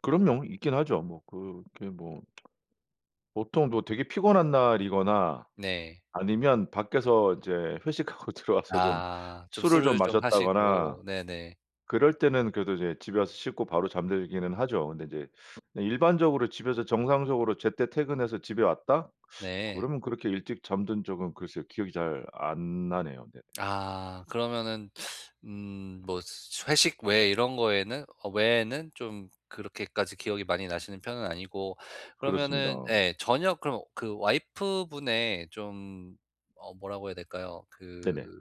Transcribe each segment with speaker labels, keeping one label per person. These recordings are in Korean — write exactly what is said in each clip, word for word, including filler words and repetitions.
Speaker 1: 그럼요. 있긴 하죠. 뭐 그렇게 뭐. 보통 뭐 되게 피곤한 날이거나
Speaker 2: 네.
Speaker 1: 아니면 밖에서 이제 회식하고 들어와서 좀
Speaker 2: 아. 좀
Speaker 1: 술을 좀
Speaker 2: 술을 좀
Speaker 1: 마셨다거나
Speaker 2: 하시고. 네네.
Speaker 1: 그럴 때는 그래도 이제 집에 와서 씻고 바로 잠들기는 하죠. 근데 이제 네 일반적으로 집에서 정상적으로 제때 퇴근해서 집에 왔다?
Speaker 2: 네.
Speaker 1: 그러면 그렇게 일찍 잠든 적은 글쎄요. 기억이 잘 안 나네요. 네.
Speaker 2: 아. 그러면은 음 뭐 회식 외 이런 거에는 어 외에는 좀 그렇게까지 기억이 많이 나시는 편은 아니고.
Speaker 1: 그렇습니다.
Speaker 2: 그러면은 예 저녁 그럼 그 와이프 분의 좀 어 뭐라고 해야 될까요. 그
Speaker 1: 네네.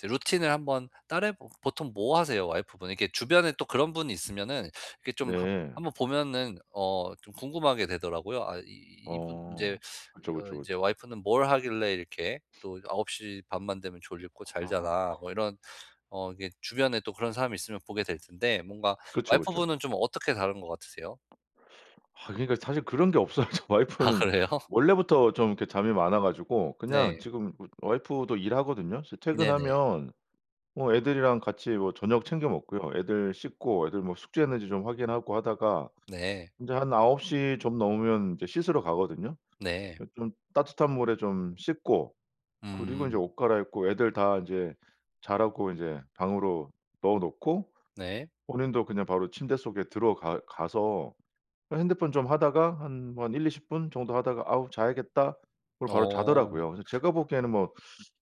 Speaker 2: 드 루틴을 한번 따라해 보 보통 뭐 하세요 와이프분? 이렇게 주변에 또 그런 분이 있으면은 이렇게 좀 한
Speaker 1: 네.
Speaker 2: 한번 보면은 어 좀 궁금하게 되더라고요. 아 이 이 이분
Speaker 1: 어
Speaker 2: 인제 이
Speaker 1: 그쵸,
Speaker 2: 어
Speaker 1: 그쵸,
Speaker 2: 이제
Speaker 1: 그쵸.
Speaker 2: '와이프는 뭘 하길래 이렇게 또 아홉 시 반 만 되면 졸립고 잘
Speaker 1: 아.
Speaker 2: 자나?'
Speaker 1: 그
Speaker 2: 뭐 이런 어 이게 주변에 또 그런 사람이 있으면 보게 될 텐데. 뭔가
Speaker 1: 그쵸,
Speaker 2: 와이프
Speaker 1: 그쵸.
Speaker 2: 분은 좀 어떻게 다른 것 같으세요?
Speaker 1: 아 그러니까 사실 그런 게 없어요. 저
Speaker 2: 아
Speaker 1: 와이프는
Speaker 2: 그래요?
Speaker 1: 원래부터 좀 이렇게 잠이 많아 가지고 그냥
Speaker 2: 네.
Speaker 1: 지금 어 와이프도 일하거든요. 이제
Speaker 2: 네네.
Speaker 1: 퇴근하면 뭐 애들이랑 같이 뭐 저녁 챙겨 먹고요. 애들 씻고 애들 뭐 숙제했는지 좀 확인하고 하다가
Speaker 2: 네.
Speaker 1: 이제 한 아홉 시 좀 넘으면 이제 씻으러 가거든요.
Speaker 2: 네.
Speaker 1: 예 좀 따뜻한 물에 좀 씻고 그리고 이제
Speaker 2: 음.
Speaker 1: 옷 갈아입고 애들 다 이제 자라고 이제 방으로 넣어 놓고
Speaker 2: 네.
Speaker 1: 본인도 그냥 바로 침대 속에 들어가 가서 그냥 핸드폰 좀 하다가 한 뭐 한 일이십 분 정도 하다가 "아 자야겠다." 그리고 바로
Speaker 2: 어.
Speaker 1: 자더라고요. 그래서 제가 보기에는 뭐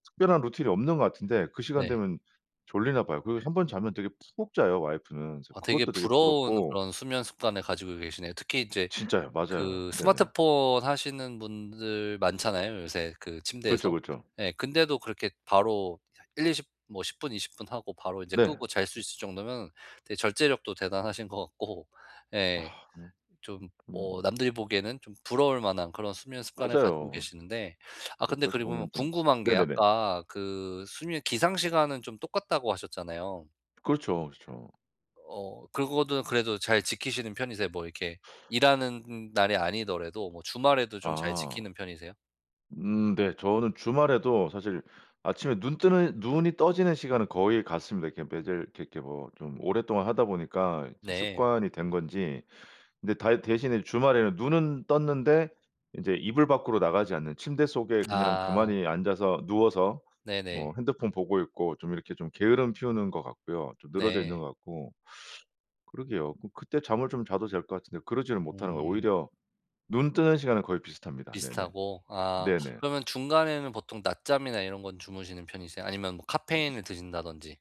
Speaker 1: 특별한 루틴이 없는 것 같은데 그 시간
Speaker 2: 네.
Speaker 1: 되면 졸리나 봐요. 그 한 번 자면 되게 푹 자요 와이프는. 그래서
Speaker 2: 아 되게
Speaker 1: 그것도 되게
Speaker 2: 부러운
Speaker 1: 부럽고.
Speaker 2: 그런 수면 습관을 가지고 계시네요. 특히 이제
Speaker 1: 진짜요. 맞아요.
Speaker 2: 그
Speaker 1: 네네.
Speaker 2: 스마트폰 하시는 분들 많잖아요, 요새 그
Speaker 1: 그쵸,
Speaker 2: 침대에서.
Speaker 1: 그쵸.
Speaker 2: 예. 근데도 그렇게 바로 일이십 뭐 십 분 이십 분 하고 바로 이제
Speaker 1: 네.
Speaker 2: 끄고 잘 수 있을 정도면 되게 절제력도 대단하신 것 같고.
Speaker 1: 아.
Speaker 2: 예. 좀 뭐
Speaker 1: [unintelligible]
Speaker 2: 남들이 보기에는 좀 부러울 만한 그런 수면 습관을 가지고
Speaker 1: 맞아요.
Speaker 2: 계시는데. 아 근데
Speaker 1: 옆에서
Speaker 2: 그리고
Speaker 1: 보면 좀
Speaker 2: 궁금한 게
Speaker 1: 네네네.
Speaker 2: 아까 그 수면 기상 시간은 좀 똑같다고 하셨잖아요.
Speaker 1: 그렇죠, 그렇죠.
Speaker 2: 어 그거는 그래도 잘 지키시는 편이세요? 뭐 이렇게 일하는 날이 아니더라도 뭐 주말에도 좀 잘
Speaker 1: 아.
Speaker 2: 지키는 편이세요?
Speaker 1: 음 네. 저는 주말에도 사실 아침에 눈 뜨는 눈이 떠지는 시간은 거의 같습니다. 이렇게 매일 이렇게 이렇게 뭐 좀 오랫동안 하다 보니까 이제
Speaker 2: 네.
Speaker 1: 습관이 된 건지 근데 다 대신에 주말에는 눈은 떴는데 인제 이불 밖으로 나가지 않는 침대 속에 그냥
Speaker 2: 아.
Speaker 1: 가만히 앉아서 누워서
Speaker 2: 네네.
Speaker 1: 뭐 핸드폰 보고 있고 좀 이렇게 좀 게으름 피우는 것 같고요. 좀 늘어져 있는
Speaker 2: 네.
Speaker 1: 것 같고. 그러게요. 그럼 그때 잠을 좀 자도 될 것 같은데 그러지를 못하는 거예요.
Speaker 2: 음.
Speaker 1: 오히려 눈 뜨는 시간은 거의 비슷합니다. 네네.
Speaker 2: 비슷하고. 아
Speaker 1: 네네.
Speaker 2: 그러면 중간에는 보통 낮잠이나 이런 건 주무시는 편이세요? 아니면 뭐 카페인을 드신다든지.